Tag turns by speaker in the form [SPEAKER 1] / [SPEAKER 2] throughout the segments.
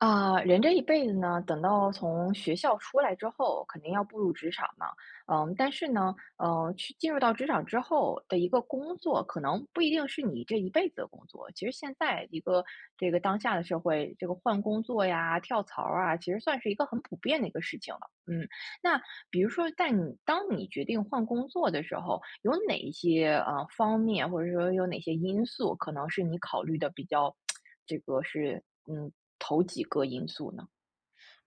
[SPEAKER 1] 啊，人这一辈子呢，等到从学校出来之后，肯定要步入职场嘛。嗯，但是呢，呃，去进入到职场之后的一个工作，可能不一定是你这一辈子的工作。其实现在一个这个当下的社会，这个换工作呀、跳槽儿啊，其实算是一个很普遍的一个事情了，嗯。那比如说在你当你决定换工作的时候，有哪一些呃，方面，或者说有哪些因素，可能是你考虑得比较 这个是嗯，头几个因素呢？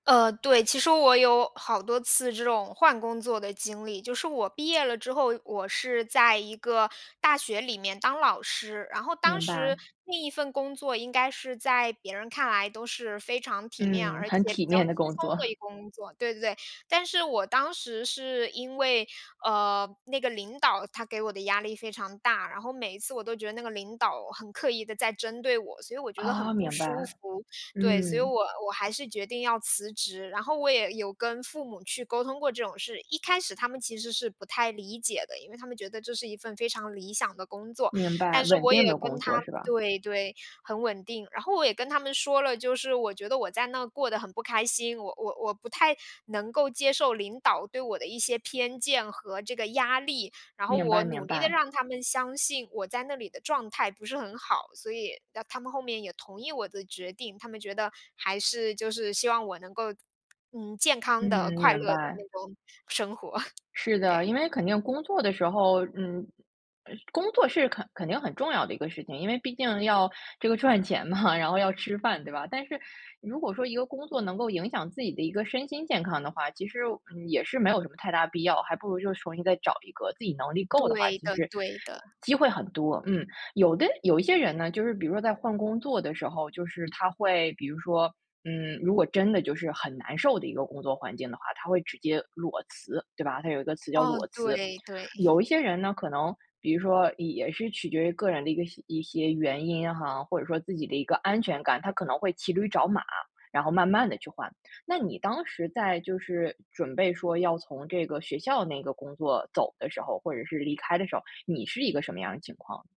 [SPEAKER 2] 呃，对，其实我有好多次这种换工作的经历。就是我毕业了之后，我是在一个大学里面当老师。然后当
[SPEAKER 1] 明
[SPEAKER 2] 时
[SPEAKER 1] 白。
[SPEAKER 2] 那一份工作应该是在别人看来都是非常体面，
[SPEAKER 1] 嗯，
[SPEAKER 2] 而且
[SPEAKER 1] 很体
[SPEAKER 2] 比较
[SPEAKER 1] 面
[SPEAKER 2] 轻
[SPEAKER 1] 的
[SPEAKER 2] 松
[SPEAKER 1] 工作。
[SPEAKER 2] 的 一个工作对对对。但是我当时是因为，呃，那个领导他给我的压力非常大，然后每一次我都觉得那个领导很刻意地在针对我，所以我觉得
[SPEAKER 1] 哦，
[SPEAKER 2] 很不
[SPEAKER 1] 明
[SPEAKER 2] 舒
[SPEAKER 1] 白，
[SPEAKER 2] 服。对，所以
[SPEAKER 1] 嗯。
[SPEAKER 2] 我我还是决定要辞职，然后我也有跟父母去沟通过这种事。一开始他们其实是不太理解的，因为他们觉得这是一份非常理想的工作。
[SPEAKER 1] 明白，
[SPEAKER 2] 但是
[SPEAKER 1] 稳
[SPEAKER 2] 我
[SPEAKER 1] 定
[SPEAKER 2] 也
[SPEAKER 1] 的
[SPEAKER 2] 跟
[SPEAKER 1] 工作
[SPEAKER 2] 他
[SPEAKER 1] 是吧？
[SPEAKER 2] 对对，很稳定。然后我也跟他们说了就是，我觉得我在那过得很不开心，我我我不太能够接受领导对我的一些偏见和这个压力。然后
[SPEAKER 1] 明
[SPEAKER 2] 我
[SPEAKER 1] 白
[SPEAKER 2] 努
[SPEAKER 1] 明
[SPEAKER 2] 力地
[SPEAKER 1] 白。
[SPEAKER 2] 让他们相信我在那里的状态不是很好，所以，那他们后面也同意我的决定，他们觉得还是就是希望我能够嗯，健康的、
[SPEAKER 1] 嗯，
[SPEAKER 2] 快乐
[SPEAKER 1] 明
[SPEAKER 2] 的
[SPEAKER 1] 白。
[SPEAKER 2] 那种生活。
[SPEAKER 1] 是的，
[SPEAKER 2] 对。
[SPEAKER 1] 因为肯定工作的时候，嗯，呃，工作是肯肯定很重要的一个事情，因为毕竟要这个赚钱嘛，然后要吃饭，对吧？但是如果说一个工作能够影响自己的一个身心健康的话，其实，嗯，也是没有什么太大必要，还不如就去重新再找一个。自己能力够的话，
[SPEAKER 2] 对
[SPEAKER 1] 其
[SPEAKER 2] 的
[SPEAKER 1] 实，
[SPEAKER 2] 对的。
[SPEAKER 1] 机会很多，嗯。有的有一些人呢，就是比如说在换工作的时候，就是他会比如说，嗯，如果真的就是很难受的一个工作环境的话，他会直接裸辞，对吧？它有一个词叫
[SPEAKER 2] 哦，
[SPEAKER 1] 裸辞。
[SPEAKER 2] 对对。
[SPEAKER 1] 有一些人呢，可能比如说也是取决于个人的一个一些原因哈，或者说自己的一个安全感，他可能会骑驴找马，然后慢慢地去换。那你当时在就是准备说要从这个学校那个工作走的时候，或者是离开的时候，你是一个什么样的情况？